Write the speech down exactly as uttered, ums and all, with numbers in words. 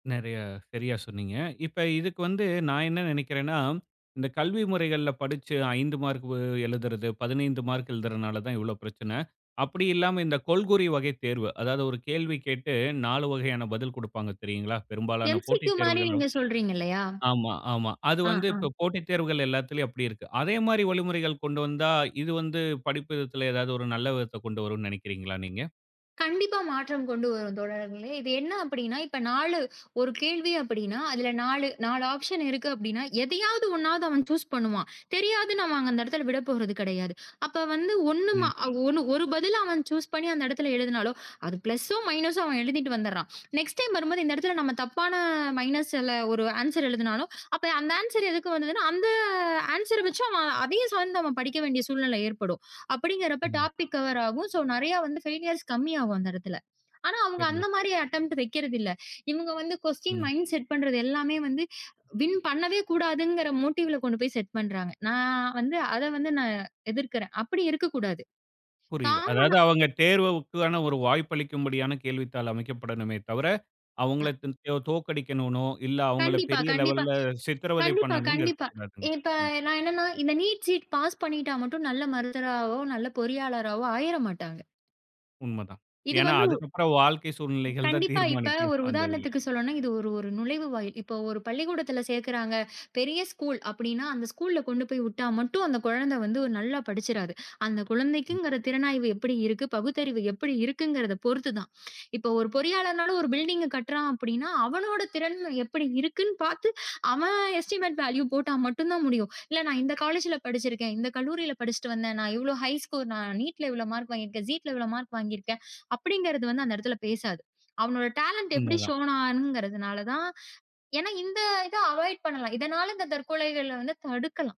நிறையா சரியா சொன்னீங்க. இப்ப இதுக்கு வந்து, நான் என்ன நினைக்கிறேன்னா, இந்தக் கல்வி முறைகள்ல படிச்சு ஐந்து மார்க் வ எழுதறது பதினைந்து மார்க் எழுதறனாலதான் இவ்ளோ பிரச்சனை. அப்படி இல்லாம இந்தக் கொள்கூறி வகை தேர்வு. அதாவது ஒரு கேள்வி கேட்டு நாலு வகையான பதில் குடுப்பாங்க தெரியுங்களா? பெரும்பாலான எம்சிக்யூ போட்டித் மாரி தேர்வுகளோ நீங்கச் சொல்றீங்க இல்லையா? ஆமா, ஆமா. அது ஆ, வந்து, ஆ. இப்ப போட்டித் தேர்வுகள் எல்லாத்துலயும் அப்படி இருக்கு. அதே மாதிரி வழிமுறைகளைக் கொண்டு வந்தா, இது வந்து படிப்பு விதத்துல எதாவது ஒரு நல்ல விதத்த கொண்டு வரும்னு நினைக்கிறீங்களா நீங்க? கண்டிப்பா மாற்றம் கொண்டு வரும் தோழர்களே. இது என்ன அப்படின்னா இப்ப நாலு ஒரு கேள்வி அப்படின்னா அதுல நாலு நாலு ஆப்ஷன் இருக்கு. அப்படின்னா எதையாவது ஒண்ணாவது அவன் சூஸ் பண்ணுவான். தெரியாதுன்னா அந்த இடத்துல விடப்போறது கெடையாது. அப்ப வந்து ஒண்ணு ம ம். ஒரு ஒரு பதில அவன் சூஸ் பண்ணி அந்த இடத்துல எழுதனாலோ அது ப்ளஸ்சும், மைனஸ்ம் அவன் எழுதிட்டு வந்துட்றான். நெக்ஸ்ட் டைம் வரும்போது இந்த இடத்துல நாம தப்பான மைனஸால ஒரு ஆன்சர் எழுதினாலும், அப்ப அந்த ஆன்சர் எதுக்கு வந்தது? அந்த ஆன்சர வச்சு அவன் அதையும் சார்ந்து படிக்க வேண்டிய சூழ்நிலை ஏற்படும். அப்படிங்கிறப்போ உண்ம. டாப்பிக் கவர் ஆகும். ஸோ நிறைய வந்து ஃபெய்லியர்ஸ் கம்மியாகும் அந்த இடத்துல. ஆனா அவங்க தெரியும். அந்த மாதிரி அட்டெம்ப்ட் வெக்கிறது இல்ல. இவனுங்க வந்து க்வஸ்டீன் ம். மைண்ட் செட் பண்றது எல்லாமே வந்து, வின் பண்ணவே கூடாதுங்கிற மோட்டீவ்ல கொண்டு போய் செட் பண்றாங்க. நான் வந்து அத வந்து நான் எதிர்க்கிறேன். அப்படி இருக்கக் கூடாது. புரியுது. அதாவது காம்மனா அவங்க தேர்வுவுக்கு தானே ஒரு வாய்ப்பளிக்கும் படியான கேள்வித்தாள் அமைக்கப்படனுமே தவர, ம். அவங்களைத் [unintelligible] தோற்கடிக்கணுனோ, இல்ல அவங்கள கண்டிப்பா, பெரிய கண்டிப்பா, லெவல்ல சித்திரவதை கண்டிப்பா, பண்ணனும்னு கண்டிப்பா. இருக்கக் கூடாதுங்க. இப்ப ம். நான் என்னன்னா இந்த நீட் ஜீட் பாஸ் பண்ணிட்டா மட்டும் நல்ல மருத்துவராவோ, நல்ல பொறியாளராவோ ஆயிறமாட்டாங்க. உண்ம தான். இது ஏன்னா வந்து அதுக்கப்புறம், வாழ்க்கை சூழ்நிலைகள் தான் கண்டிப்பா. இப்ப தீர்மானிக்கும் ஒரு இப்ப அந்த இதுல. உதாரணத்துக்குச் சொல்லணும்னா, இது ஒரு ஒரு நுழைவுவாயில். இப்ப ஒரு பள்ளிக்கூடத்துல சேர்க்கறாங்க. பெரிய ஸ்கூல் அப்படின்னா, அந்த ஸ்கூல்ல கொண்டு போய் விட்டா மட்டும் அந்தக் குழந்தை வந்து நல்லா படிச்சுறாது. அந்தக் ம். குழந்தைக்குங்கிற திறனாய்வு எப்படி இருக்கு, பகுத்தறிவு எப்படி இருக்குங்குறத பொறுத்து தான். இப்ப ஒரு பொறியாளர்னாலும் ஒரு பில்டிங் கட்டறான் அப்படின்னா அவனோட திறன் எப்படி இருக்குன்னு பாத்து, அவன் எஸ்டிமெட் வேலீவ் போட்டா மட்டும்தான் முடியும். இல்ல நான் இந்தக் காலேஜ்ல படிச்சு இருக்கேன். இந்தக் கல்லூரியில படிச்சுட்டு வந்தேன், நான் இவ்ளோ ஹை ஸ்கோர் நான் நீட்ல இவ்ளோ மார்க் வாங்கி இருக்கேன். ஜீட்ல இவ்ளோ மார்க் வாங்கி இருக்கேன், அப்படிங்கறத அந்த இடத்துல பேசாது. அவனோட டாலெண்ட் எப்படி உண்ம தான். ஸ்ஷோன் ஆகுறனால தான் ஏன்னா இந்த இதை அவாய்ட் பண்ணலாம். இதனால இந்தத் தற்கொலைகளை வந்து தடுக்கலாம்.